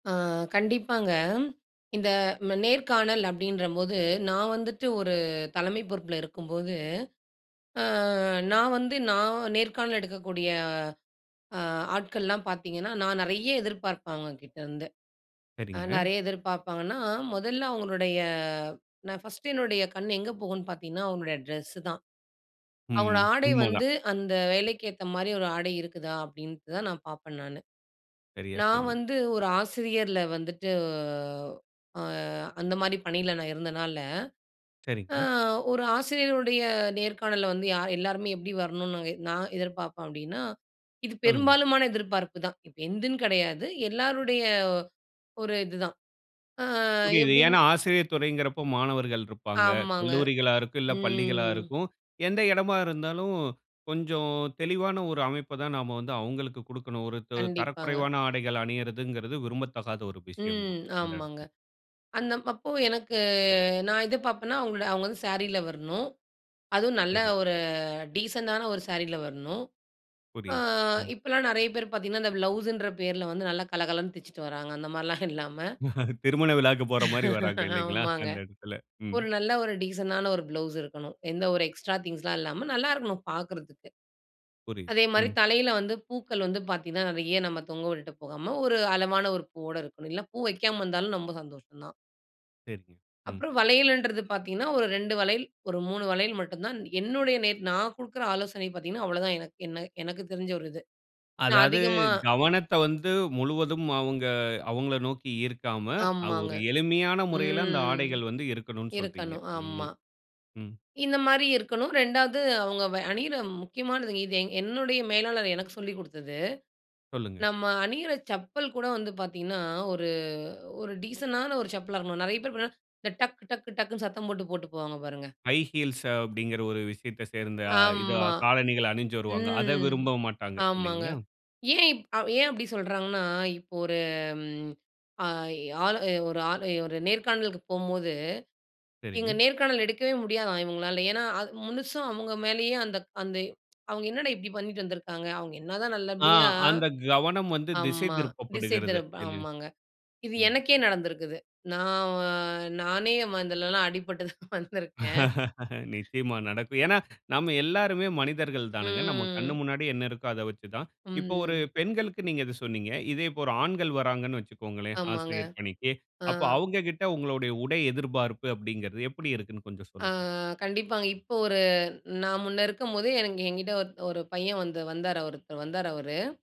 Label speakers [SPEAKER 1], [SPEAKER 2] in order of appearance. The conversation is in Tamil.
[SPEAKER 1] ஆ, கண்டிப்பாங்க, இந்த, ம நேர்காணல் அப்படின்றபோது, நான் வந்துட்டு ஒரு தலைமை பொறுப்பில இருக்கும்போது, ஆ, நான் வந்து நான் நேர்காணல் எடுக்கக்கூடிய ஆ, ஆட்கள்லாம் பார்த்தீங்கன்னா, நான் நிறைய எதிர்பார்ப்பேன், அவங்க கிட்ட இருந்து. அ,
[SPEAKER 2] சரிங்க.
[SPEAKER 1] நிறைய எதிர்பார்ப்பாங்கன்னா, முதல்ல அவங்களுடைய, நான் ஃபர்ஸ்ட் என்னுடைய கண் எங்க போகும்ன்னு பார்த்தீங்கன்னா, அவங்களுடைய டிரெஸ்ஸு தான். அவங்களோட
[SPEAKER 2] ம்.
[SPEAKER 1] ஆடை
[SPEAKER 2] உண்மதான்.
[SPEAKER 1] வந்து அந்த வேலைக்கு ஏத்த மாரி ஒரு ஆடை இருக்குதா அப்படின்ட்டு தான் நான் பார்ப்பேன் நானு.
[SPEAKER 2] சரியா
[SPEAKER 1] நான்
[SPEAKER 2] சொன்னீங்
[SPEAKER 1] வந்து ஒரு ஆசிரியர்ல வந்துவிட்டு, அ, அந்த மாரி பணில நான் இருந்தனால, அ
[SPEAKER 2] சரிங்க.
[SPEAKER 1] ஒரு ஆசிரியருடைய நேர்காணல்ல, வந்து யார் எல்லோருமே எப்படி வரணும்னு, நாங்க நான் எதிர்பார்ப்பேன் அப்படினா, இது
[SPEAKER 2] சொல்லுங்க.
[SPEAKER 1] பெரும்பாலுமான எதிர்பார்ப்பு தான். இப்ப எந்துன்னு கிடையாது, எல்லோருடைய ஒரு இது தான். ஆ,
[SPEAKER 2] புரியுது.
[SPEAKER 1] எப்படின்னு
[SPEAKER 2] ஏன்னா, ஆசிரியர் துறைங்கிறபோ மாணவர்கள் இருப்பாங்க.
[SPEAKER 1] ஆமாங்க.
[SPEAKER 2] கல்லூரிகளா இருக்கும், இல்ல பள்ளிகளா
[SPEAKER 1] ம்.
[SPEAKER 2] இருக்கும். எந்த இடமா இருந்தாலும், கொஞ்சம், தெளிவான ஒரு அமைப்பை தான் நாம் வந்து அவர்களுக்கு கொடுக்கணும். ஒரு, து
[SPEAKER 1] கண்டிப்பாங்க.
[SPEAKER 2] தரக்குறைவான ஆடைகள் அணியுறதுங்றது, விரும்பத்தகாத ஒரு விஷயம் தான்.
[SPEAKER 1] ம்.
[SPEAKER 2] அந்த
[SPEAKER 1] ஆமாங்க.
[SPEAKER 2] இடத்தில.
[SPEAKER 1] அந்த அப்போ எனக்கு நான் இது பார்ப்பேன்னா அவங்களோட அவங்க வந்து சாரியில வரணும், அதுவும் நல்ல
[SPEAKER 2] சரி.
[SPEAKER 1] ஒரு டீசென்ட்டான ஒரு சாரீல வரணும்‌. ஆ,
[SPEAKER 2] புரியுது. ம்.
[SPEAKER 1] இப்போலாம் நிறைய பேர் பார்த்தீங்கன்னா, அந்த ப்ளவுஸுன்ற பேரில வந்து, நல்லா கலகலன்னு தச்சிட்டு வராங்க, அந்த மாரிலாம் இல்லாம
[SPEAKER 2] திருமண விழாவுக்கு போற மாரி வர்றாங்க இல்லைங்களா?
[SPEAKER 1] ஆமாங்க.
[SPEAKER 2] அந்த இடத்தில. ம்.
[SPEAKER 1] ஒரு நல்ல ஒரு டீசென்ட்டான ஒரு ப்ளவுஸ் இருக்கனும். எந்த ஒரு எக்ஸ்ட்ரா திங்ஸ்லாம் இல்லாம, நல்லா இருக்கனும் பார்க்குறதுக்கு.
[SPEAKER 2] புரியுது.
[SPEAKER 1] அதே மாதிரி,
[SPEAKER 2] ம்.
[SPEAKER 1] தலையில வந்து பூக்கள் வந்து பாத்தீங்கனா, நிறைய நம்ம தொங்க விட்டுட்டு போகாம, ஒரு அளவான ஒரு பூவோடு இருக்கணும். இல்ல பூ வெக்காம வந்தாலும் ரொம்ப சந்தோஷம் தான்.
[SPEAKER 2] சரிங்க. ம்.
[SPEAKER 1] அப்புறம் வளையலன்றது பார்த்தீங்கன்னா, ஒரு 2 வளையல், ஒரு 3 வளையல், மட்டும் தான் என்னுடைய நேட் நான் கொடுக்கிற ஆலோசனை பார்த்தீங்கன்னா அவ்ளோதான், எனக்கு என்ன எனக்கு தெரிஞ்ச ஒரு இது. நான்
[SPEAKER 2] அதாவது,
[SPEAKER 1] அதிகமா
[SPEAKER 2] கவனத்த வந்து முழுவதும் அவங்க அவங்களை நோக்கி இருக்காம, அது
[SPEAKER 1] ஆமாங்க.
[SPEAKER 2] ஒரு எளிமையான முறையில, அந்த
[SPEAKER 1] ம்.
[SPEAKER 2] ஆடைகள் வந்து இருக்கணும்னு சொல்றீங்க
[SPEAKER 1] இருக்கணும். ஆமா.
[SPEAKER 2] இல்லைங்களா? ம்.
[SPEAKER 1] இந்த மாரி இருக்கணும். ரெண்டாவது, அவுங்க வ அணிற முக்கியமானது. இது, எங் என்னுடைய மேலாளர் எனக்கு சொல்லி கொடுத்தது.
[SPEAKER 2] சொல்லுங்க.
[SPEAKER 1] நாம்ம அணிற செப்பல் கூட வந்து பார்த்தீங்கனா, ஒரு ஒரு டீசென்ட்டான ஒரு செப்பலா இருக்கணும். நிறைய பேர் பார்த்தா இந்த டக் டக் டக்னு சத்தம் போட்டு போட்டு போவாங்க பாருங்க.
[SPEAKER 2] ஹை ஹீல்ஸ் அப்படின்ற ஒரு விஷயத்தை சேர்ந்த, இதா
[SPEAKER 1] ஆமா.
[SPEAKER 2] காலணிகள் அணிஞ்சி வருவாங்க. அத
[SPEAKER 1] ம்.
[SPEAKER 2] விரும்ப மாட்டாங்க.
[SPEAKER 1] ஆமாங்க.
[SPEAKER 2] இல்லைங்களா?
[SPEAKER 1] ஏன் இப் ஏன் அப்படி சொல்றாங்கன்னா, இப்போ ஒரு ம் அ, ஆளு ஒரு ஆளு ஒரு நேர்காணலுக்கு போகும்போது, இங்க
[SPEAKER 2] சரிங்க.
[SPEAKER 1] நேர்காணல் எடுக்கவே முடியாதாம் இவங்களால. ஏன்னா, அது முழுசும் அவங்க மேலயே அந்த அந்த அவங்க என்னடா இப்படி பண்ணிட்டு வந்துருக்காங்க. அவங்க என்னதான்
[SPEAKER 2] ஆ,
[SPEAKER 1] நல்லபடியா
[SPEAKER 2] அந்த கவனம் வந்து திசை
[SPEAKER 1] ஆமா. திசை
[SPEAKER 2] திருப்பப்படுகிறது.
[SPEAKER 1] திருப்ப
[SPEAKER 2] இல்ல
[SPEAKER 1] ஆமாங்க. இது
[SPEAKER 2] ம்.
[SPEAKER 1] எனக்கே நடந்திருக்கிது. நான் வ நானே ம இதிலலாம் அடிபட்டு தான் வந்திருக்கேன்.
[SPEAKER 2] நிச்சயமா நடக்கும். ஏன்னா, நாம் எல்லோருமே மனிதர்கள் தானுங்க. நம்ம கண்ணு
[SPEAKER 1] ம்.
[SPEAKER 2] முன்னாடி என்ன இருக்கோ, அதை வச்சு தான். இப்போ, ஒரு
[SPEAKER 1] ம்.
[SPEAKER 2] பெண்களுக்கு நீங்க இதை சொன்னீங்க. இதே இப்போ, ஒரு ஆண்கள் வர்றாங்கனு வச்சுக்கோங்களேன்.
[SPEAKER 1] ஆமாங்க.
[SPEAKER 2] ஆசிரியர் பணிக்கு,
[SPEAKER 1] ஆ.
[SPEAKER 2] அப்போ, அவங்ககிட்ட உங்களுடைய உடை எதிர்பார்ப்பு, அப்படிங்கிறது எப்படி இருக்குன்னு கொஞ்சம்
[SPEAKER 1] ஆ.
[SPEAKER 2] சொல்லுங்க.
[SPEAKER 1] கண்டிப்பாங்க, இப்போ ஒரு நான் முன்னே இருக்கும்போதே எனக்கு என்கிட்டே ஒரு ஒரு பையன் வந்து வந்தா ஒருத்தர் வந்தாரு அவரு.